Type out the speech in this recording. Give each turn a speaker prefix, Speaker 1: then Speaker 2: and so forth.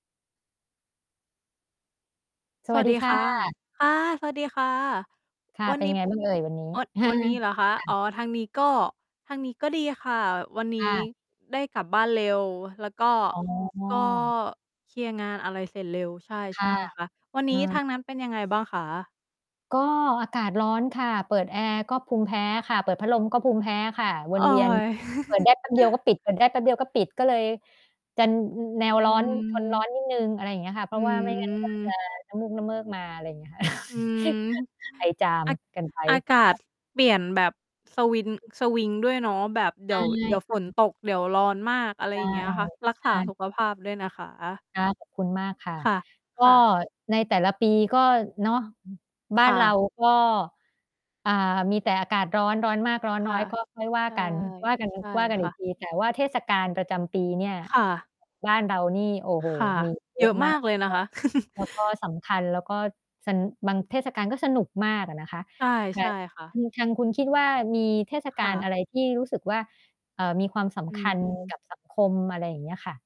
Speaker 1: ส
Speaker 2: ส
Speaker 1: ว
Speaker 2: ว
Speaker 1: ัส
Speaker 2: ัส
Speaker 1: ดี
Speaker 2: ดี
Speaker 1: ค่
Speaker 2: ค่ะ
Speaker 1: ะ
Speaker 2: ค่ะ สวัสดีค่ะ
Speaker 1: ค่ะ
Speaker 2: วั
Speaker 1: เ
Speaker 2: น
Speaker 1: ป็น
Speaker 2: น
Speaker 1: ย
Speaker 2: ี
Speaker 1: ั
Speaker 2: ้
Speaker 1: งไงบ้างเอ่ยวันนี้?
Speaker 2: เอ่อ วันนี้เหรอคะ?
Speaker 1: ค่ะ
Speaker 2: อ๋อ ทางนี้ก็ ทางนี้ก็ดีค่ะ วันน
Speaker 1: อ
Speaker 2: ี้
Speaker 1: า
Speaker 2: ได้กลับบ้านเร็ว แล้วก็
Speaker 1: อ๋
Speaker 2: ก็
Speaker 1: อ
Speaker 2: เคลียร์งานอะไรเสร็จเร็ว ใช
Speaker 1: ค่
Speaker 2: ่
Speaker 1: ะ
Speaker 2: ๆ ค่ะ วันน
Speaker 1: อื
Speaker 2: ี้ทา
Speaker 1: ม
Speaker 2: งนั้นเป็นยังไงบ้างคะ?
Speaker 1: ก็อากาศร้อนค่ะ เปิดแอร์ก็ภูมิแพ้ค่ะ เปิดพัดลมก็ภูมิแพ้ค่ะ ว
Speaker 2: โอ
Speaker 1: น
Speaker 2: ๊
Speaker 1: เวียน
Speaker 2: ย
Speaker 1: เปิดได้แป๊บเดียวก็ปิด เปิดได้แป๊บเดียวก็ปิด ก็เลยจะแน
Speaker 2: อื
Speaker 1: วร้อน ทนร้อ
Speaker 2: ม
Speaker 1: นนิดหนึ่ง อะไรเงี้ยค่ะ เพร
Speaker 2: อื
Speaker 1: าะว่าไม่งั้นก็จะ
Speaker 2: ม
Speaker 1: น้ำมูกน้ำเมิกมา อะไรเงี้ย
Speaker 2: อืม
Speaker 1: ไอจาม
Speaker 2: อา
Speaker 1: กันไป
Speaker 2: อากา
Speaker 1: ค
Speaker 2: ศ
Speaker 1: ่ะ
Speaker 2: เปลี่ยนแบบสวิน สวิงด้วยเนาะ แบบเด
Speaker 1: อ
Speaker 2: ี๋
Speaker 1: า
Speaker 2: ยว
Speaker 1: ย
Speaker 2: เดี๋ยว
Speaker 1: ค
Speaker 2: ฝ
Speaker 1: ่
Speaker 2: น
Speaker 1: ะ
Speaker 2: ตก เดี๋ยวร้อนมาก อะไร
Speaker 1: ใช
Speaker 2: อ
Speaker 1: ่
Speaker 2: ย่างเงี้ยค่ะ รัก
Speaker 1: ใ
Speaker 2: ษ
Speaker 1: ช
Speaker 2: าส
Speaker 1: ่
Speaker 2: ุขภาพด้วยนะคะ
Speaker 1: ค่ะ ขอบคุณมากค่ะ
Speaker 2: ค่ะ
Speaker 1: ก็
Speaker 2: ค่ะ
Speaker 1: ในแต่ละปีก็ เนาะ บ
Speaker 2: ค
Speaker 1: ้าน
Speaker 2: ่
Speaker 1: เร
Speaker 2: ะ
Speaker 1: าก็ อ่า มีแต่อากาศร้อน ร้อนมาก ร้อน
Speaker 2: ค
Speaker 1: น
Speaker 2: ่
Speaker 1: ้อ
Speaker 2: ะ
Speaker 1: ย ก็ค่อยว่า
Speaker 2: ใช่
Speaker 1: กัน ว่ากัน
Speaker 2: ใช่
Speaker 1: ว่ากัน
Speaker 2: ค
Speaker 1: อี
Speaker 2: ่
Speaker 1: ก
Speaker 2: ะ
Speaker 1: ที แต่ว่าเทศกาลประจำปีเนี่ย
Speaker 2: ค่ะ
Speaker 1: บ้านเรานี่ โอ้โฮ
Speaker 2: ค่ะ
Speaker 1: มีอยู่ เ
Speaker 2: เ
Speaker 1: ย
Speaker 2: ย
Speaker 1: อ
Speaker 2: อ
Speaker 1: ะ
Speaker 2: ะ
Speaker 1: ม
Speaker 2: ม
Speaker 1: า
Speaker 2: า
Speaker 1: ก
Speaker 2: กเลยน
Speaker 1: เอ
Speaker 2: ะค
Speaker 1: อ
Speaker 2: ะ
Speaker 1: แล้วก็สำคัญ แล้วก็ ส บางเทศกาลก็สนุกมากอะนะคะ
Speaker 2: ใช่
Speaker 1: ไข่
Speaker 2: ใช่ค่
Speaker 1: อ
Speaker 2: ะ
Speaker 1: ืม ทางคุณคิดว่า มีเทศก
Speaker 2: ค
Speaker 1: า
Speaker 2: ่
Speaker 1: ลอะ
Speaker 2: ะ
Speaker 1: ไรที่รู้สึกว่า เอ่อ มีความส
Speaker 2: อื
Speaker 1: ำคัญก
Speaker 2: ม
Speaker 1: ับสังคม อะไรอย่างเงี้ยค่ะ?